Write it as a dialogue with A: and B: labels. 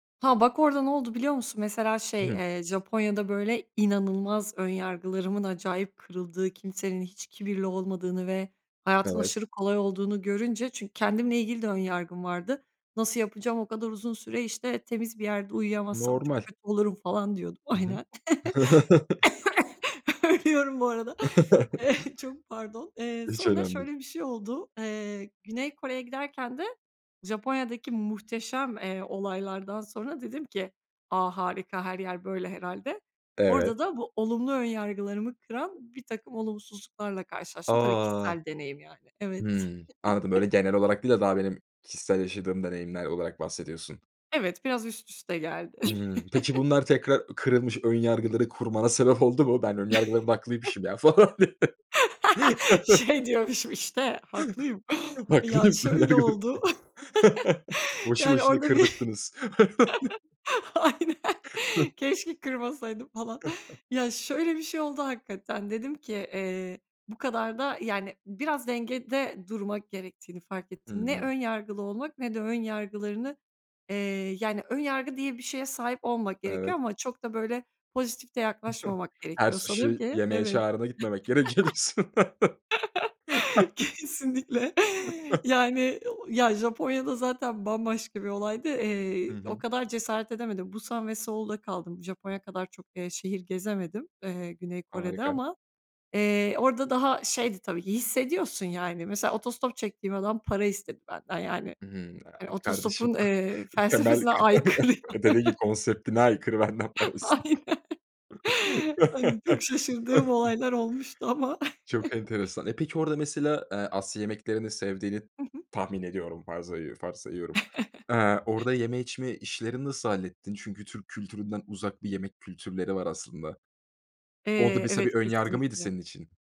A: Ha, bak, orada ne oldu biliyor musun? Mesela şey,
B: Hıh.
A: eee, Japonya'da böyle inanılmaz ön yargılarımın acayip kırıldığı, kimsenin hiç kibirli olmadığını ve hayatın
B: Evet.
A: aşırı kolay olduğunu görünce; çünkü kendimle ilgili de ön yargım vardı. Nasıl yapacağım? O kadar uzun süre işte temiz bir yerde uyuyamazsam çok
B: Normal.
A: kötü olurum falan diyordum.
B: Hı hı.
A: Aynen. Ölüyorum bu arada. Eee, çok pardon. Eee,
B: Hiç
A: sonra
B: önemli
A: şöyle
B: değil.
A: bir şey oldu, eee, Güney Kore'ye giderken de Japonya'daki muhteşem, eee, olaylardan sonra dedim ki, a, harika her yer böyle herhâlde.
B: Evet.
A: Orada da bu olumlu ön yargılarımı kıran birtakım olumsuzluklarla karşılaştım. Tabii,
B: A!
A: kişisel deneyim yani. Evet.
B: Hımm, anladım. Böyle genel olarak değil de daha benim kişisel yaşadığım deneyimler olarak bahsediyorsun.
A: Evet, biraz üst üste geldi.
B: Hımm, peki bunlar tekrar kırılmış ön yargıları kurmana sebep oldu mu? Ben, ön yargılarım da haklıymışım ya falan diye?
A: Şey diyormuşum işte, haklıyım. Ya
B: Haklıyım,
A: şöyle
B: önyargılarım da.
A: oldu
B: Boşu
A: yani;
B: boşuna
A: orada bir,
B: kırdırttınız.
A: aynen, keşke kırmasaydım falan. Ya şöyle bir şey oldu; hakikaten dedim ki, eee, bu kadar da yani biraz dengede durmak gerektiğini fark ettim. Ne
B: Hıı.
A: ön yargılı olmak ne de ön yargılarını, eee, yani ön yargı diye bir şeye sahip olmamak gerekiyor
B: Evet.
A: ama çok da böyle pozitif de yaklaşmamak
B: Her
A: gerekiyor sanırım
B: suşi
A: ki,
B: yemeğe
A: evet.
B: çağırına gitmemek gerekiyor diyorsun.
A: Kesinlikle. Yani, o, Japonya da zaten bambaşka bir olaydı.
B: Hı
A: Eee, o
B: hı.
A: kadar cesaret edemedim. Busan ve Seul'da kaldım. Japonya kadar çok, eee, şehir gezemedim, eee, Güney Kore'de
B: Harika.
A: ama, eee, orada daha şeydi. Tabii ki hissediyorsun yani; mesela otostop çektiğim adam para istedi benden yani.
B: Hımm, a, kardeşim,
A: Otostopun, eee,
B: temel
A: felsefesine aykırı ya.
B: [unintelligible] konseptine aykırı; benden para istiyor.
A: Aynen. Hani, çok şaşırdığım olaylar olmuştu ama.
B: Çok enteresan. Eee, peki, orada mesela, eee, Asya yemeklerini sevdiğini
A: Hı hı.
B: tahmin ediyorum. Farzayı varsayıyorum, Eee, orada yeme içme işlerini nasıl hallettin? Çünkü Türk kültüründen uzak bir yemek kültürleri var aslında. O da
A: Eee,
B: mesela bir
A: evet,
B: ön yargı mıydı
A: kesinlikle.
B: senin için?